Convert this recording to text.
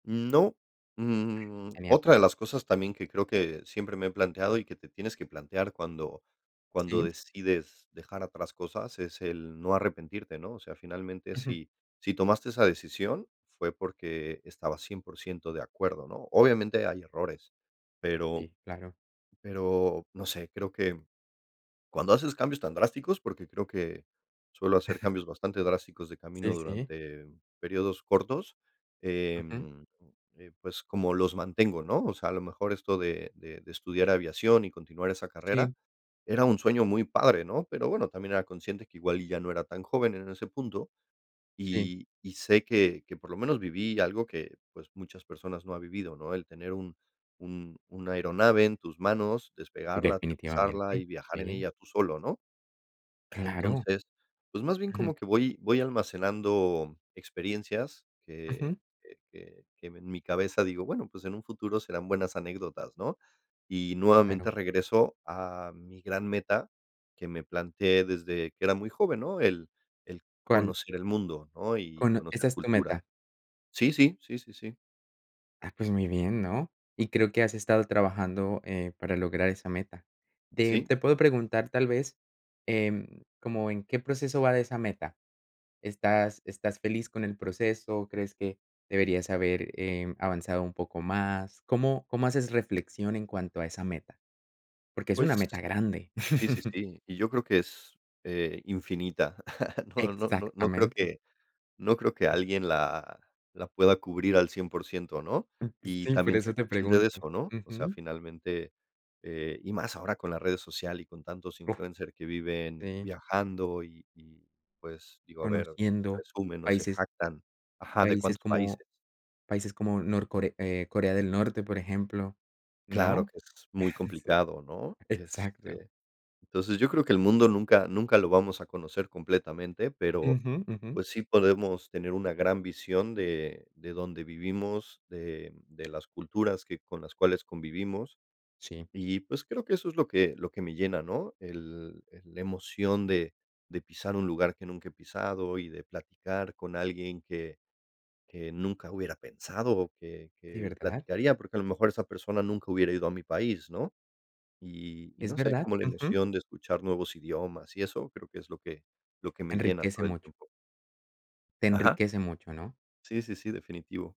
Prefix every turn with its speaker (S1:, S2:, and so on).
S1: Mm, no. Mm,
S2: Genial.
S1: otra de las cosas también que creo que siempre me he planteado, y que te tienes que plantear cuando cuando
S2: ¿Sí?
S1: decides dejar atrás cosas, es el no arrepentirte, ¿no? O sea, finalmente,
S2: Ujú.
S1: si si tomaste esa decisión, fue porque estabas 100% de acuerdo, ¿no? Obviamente hay errores, pero
S2: Sí, claro.
S1: pero no sé, creo que, mm, cuando haces cambios tan drásticos, porque creo que suelo hacer cambios bastante drásticos de camino
S2: Sí, sí.
S1: durante periodos cortos,
S2: Ujú.
S1: em, [unintelligible] eh, pues, como los mantengo, ¿no? O sea, a lo mejor esto de de estudiar aviación, y continuar esa carrera
S2: Sí.
S1: era un sueño muy padre, ¿no? Pero bueno, también era consciente que igual y ya no era tan joven en ese punto.
S2: Sí.
S1: Y y sé que que por lo menos viví algo que, pues, muchas personas no ha vivido, ¿no? El tener un un una aeronave en tus manos, despegarla, aterrizarla
S2: Definitivamente,
S1: y viajar en
S2: sí.
S1: ella tú solo, ¿no?
S2: Claro.
S1: Entonces, pues, más bien
S2: Ujú.
S1: como que voy voy almacenando experiencias, que
S2: Ujú.
S1: que que que ven mi cabeza, digo, bueno, pues, en un futuro serán buenas anécdotas, ¿no? Y
S2: Claro.
S1: nuevamente regreso a mi gran meta que me planteé desde que era muy joven, ¿no? El el
S2: ¿Cuál?
S1: conocer el mundo, ¿no? Y
S2: Cono ¿Esa
S1: conocer
S2: es tu
S1: cultura
S2: meta?
S1: sí, sí. Sí, sí, sí.
S2: Ah, pues muy bien, ¿no? Y creo que has estado trabajando, eh, para lograr esa meta. Te
S1: Sí.
S2: te puedo preguntar tal vez, em, como, ¿en qué proceso va de esa meta? ¿Estás estás feliz con el proceso? ¿Crees que deberías haber, em, avanzado un poco más? ¿Cómo cómo haces reflexión en cuanto a esa meta? Porque es una
S1: Pues
S2: meta grande.
S1: sí, sí, sí, y yo creo que es, eh, infinita. No no no no creo
S2: Exactamente.
S1: que no creo que
S2: E
S1: alguien la la pueda cubrir al 100%, ¿no?
S2: Mm, s
S1: Y
S2: sí, por
S1: también
S2: eso
S1: soy
S2: te
S1: consciente de
S2: pregunto.
S1: eso, no? O sea,
S2: Ujú.
S1: finalmente. Eh, y más ahora con la redes social, y con tantos
S2: Uff.
S1: influencers que viven
S2: Sí.
S1: viajando, y y, pues, digo, a ver,
S2: Conociendo
S1: presumen, o, se
S2: países
S1: jactan ajá, de
S2: países
S1: cuántos
S2: como
S1: países.
S2: países como norcore eh, Corea del Norte, por ejemplo,
S1: Claro
S2: ¿no?
S1: que es muy
S2: Sí,
S1: complicado, ¿no?
S2: exacto.
S1: Este, entonces yo creo que el mundo nunca, nunca lo vamos a conocer completamente, pero,
S2: Ujú, ujú.
S1: pues, sí podemos tener una gran visión de de dónde vivimos, de de las culturas que con las cuales convivimos.
S2: Sí.
S1: Y, pues, creo que eso es lo que lo que me llena, ¿no? El el la emoción de de pisar un lugar que nunca he pisado, y de platicar con alguien que que nunca hubiera pensado, o, que
S2: ¿Sí,
S1: que
S2: verdad?
S1: platicaría, porque a lo mejor esa persona nunca hubiera ido a mi país, ¿no? Y y
S2: Es
S1: no sé,
S2: verdad,
S1: como la
S2: ujú.
S1: emoción de escuchar nuevos idiomas, y eso creo que es lo que lo que me llena
S2: Enriquece
S1: todo el
S2: mucho.
S1: tiempo.
S2: Te
S1: ¿Ajá?
S2: enriquece mucho, ¿no?
S1: Sí, sí, sí, definitivo.